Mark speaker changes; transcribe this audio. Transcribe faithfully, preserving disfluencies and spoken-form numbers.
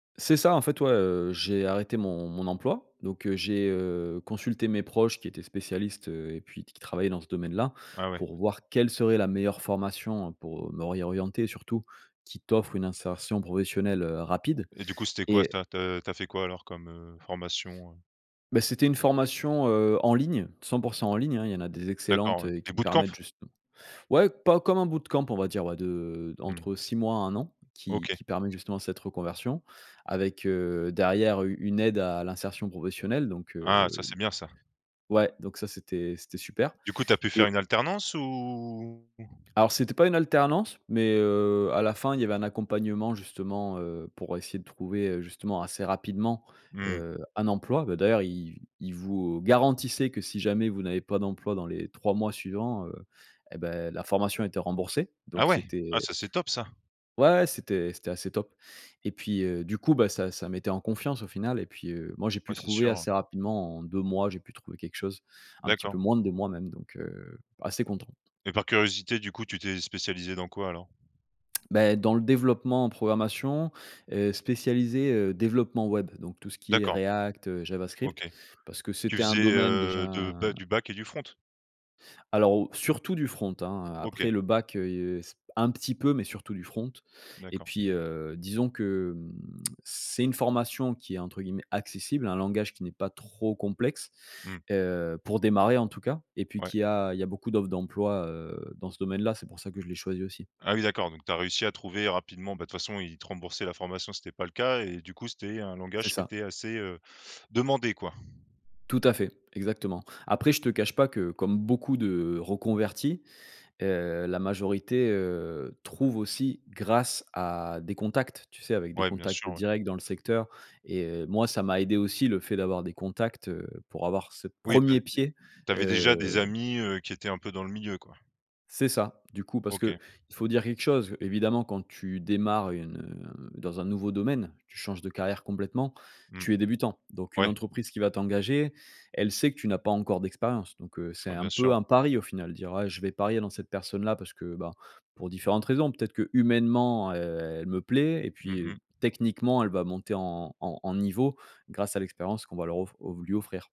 Speaker 1: C'est ça, en fait, ouais, heu, j'ai arrêté mon mon emploi, donc, heu, j'ai, heu, consulté mes proches qui étaient spécialistes, heu et puis qui travaillaient dans ce domaine-là,
Speaker 2: Ah ouais.
Speaker 1: pour voir quelle serait la meilleure formation pour me réorienter, surtout, qui t'offre une insertion professionnelle, heu, rapide.
Speaker 2: Et du coup, c'était quoi,
Speaker 1: Et
Speaker 2: ça? Tu as tu as fait quoi, alors, comme, heu, formation?
Speaker 1: Beh, c'était une formation, heu, en ligne, cent pour cent en ligne, hein, il y en a des
Speaker 2: D'accord,
Speaker 1: excellentes
Speaker 2: ouais. Des
Speaker 1: qui
Speaker 2: bootcamp,?
Speaker 1: permettent justem ouais, pas comme un bootcamp, on va dire, ouais, de
Speaker 2: Mmh.
Speaker 1: entre six mois à un an, qui
Speaker 2: OK.
Speaker 1: qui permet justement cette reconversion avec, heu, derrière u une aide à l'insertion professionnelle, donc,
Speaker 2: Ah, ça,
Speaker 1: heu
Speaker 2: c'est bien, ça.
Speaker 1: ouais, donc, ça, c'était c'était super.
Speaker 2: Du coup, tu as pu
Speaker 1: Et
Speaker 2: faire une alternance, ou
Speaker 1: Alors, c'était pas une alternance, mais, heu, à la fin, il y avait un accompagnement, justement, heu, pour essayer de trouver, heu, justement, assez rapidement,
Speaker 2: Mmh.
Speaker 1: heu, un emploi. Bah, d'ailleurs, i ils vous, heu, garantissaient que si jamais vous n'avez pas d'emploi dans les trois mois suivants, heu, eh beh, la formation était remboursée.
Speaker 2: Ah
Speaker 1: Donc
Speaker 2: ouais? Ah,
Speaker 1: c'était
Speaker 2: ça, c'est top, ça.
Speaker 1: Ouais, ouais! C'était c'était assez top. Et puis, heu, du coup, bah, ça ça mettait en confiance, au final et puis, heu, moi, j'ai
Speaker 2: Ouais,
Speaker 1: pu
Speaker 2: c'est
Speaker 1: trouver
Speaker 2: sûr,
Speaker 1: assez
Speaker 2: ouais.
Speaker 1: rapidement, en deux mois, j'ai pu trouver quelque chose, un petit peu
Speaker 2: D'accord.
Speaker 1: moins de deux mois même, donc assez content.
Speaker 2: Et par curiosité, du coup, tu t'es spécialisé dans quoi, alors?
Speaker 1: Beh, dans le développement en programmation, heu, spécialisé, heu, développement web, donc tout ce qui est
Speaker 2: D'accord.
Speaker 1: React, heu, Javascript,
Speaker 2: OK.
Speaker 1: parce que
Speaker 2: Tu
Speaker 1: c'était un
Speaker 2: faisais,
Speaker 1: domaine
Speaker 2: heu,
Speaker 1: déjà
Speaker 2: de b du back et du front?
Speaker 1: Alors, o surtout du front, hein, heu,
Speaker 2: OK.
Speaker 1: après le back, heu, c un petit peu, mais surtout du front. Et
Speaker 2: D'accord.
Speaker 1: puis, heu, disons que c'est une formation qui est, entre guillemets, «accessible», un langage qui n'est pas trop complexe,
Speaker 2: Mmh.
Speaker 1: heu, pour démarrer, en tout cas et puis
Speaker 2: Ouais.
Speaker 1: qu'il y a il y a beaucoup d'offres d'emploi, heu, dans ce domaine-là. C'est pour ça que je l'ai choisi, aussi.
Speaker 2: Ah oui, d'accord, donc tu as réussi à trouver rapidement, bah, de toute façon ils te remboursaient la formation si c'était pas le cas et du coup c'était un
Speaker 1: C'est
Speaker 2: langage qui
Speaker 1: ça.
Speaker 2: était assez, heu, demandé, quoi?
Speaker 1: Tout à fait. Exactement. Après, je te cache pas que, comme beaucoup de reconvertis, heu, la majorité, heu, trouve aussi grâce à des contacts, tu sais, avec des
Speaker 2: Ouais, bien
Speaker 1: contacts
Speaker 2: sûr, ouais.
Speaker 1: directs dans le secteur et moi ça m'a aidé, aussi, le fait d'avoir des contacts, heu, pour avoir ce
Speaker 2: Oui bah
Speaker 1: premier
Speaker 2: d
Speaker 1: pied,
Speaker 2: tu avais déjà des
Speaker 1: heu
Speaker 2: amis, heu, qui étaient un peu dans le milieu, quoi?
Speaker 1: C'est ça. Du coup, parce qu'il
Speaker 2: OK.
Speaker 1: faut dire quelque chose, évidemment, quand tu démarres une, heu, dans un nouveau domaine, tu changes de carrière complètement,
Speaker 2: Mmh.
Speaker 1: tu es débutant. Donc une
Speaker 2: Ouais.
Speaker 1: entreprise qui va t'engager, elle sait que tu n'as pas encore d'expérience. Donc, heu, c'est
Speaker 2: Ouais,
Speaker 1: un
Speaker 2: bien
Speaker 1: peu
Speaker 2: sûr.
Speaker 1: un pari, au final, dire: «Je vais parier dans cette personne-là parce que, bah, pour différentes raisons, peut-être que humainement, heu, elle me plaît et
Speaker 2: Mmh
Speaker 1: puis, heu,
Speaker 2: mh.
Speaker 1: techniquement, elle va monter en en en niveau grâce à l'expérience qu'on va leur of o lui offrir.»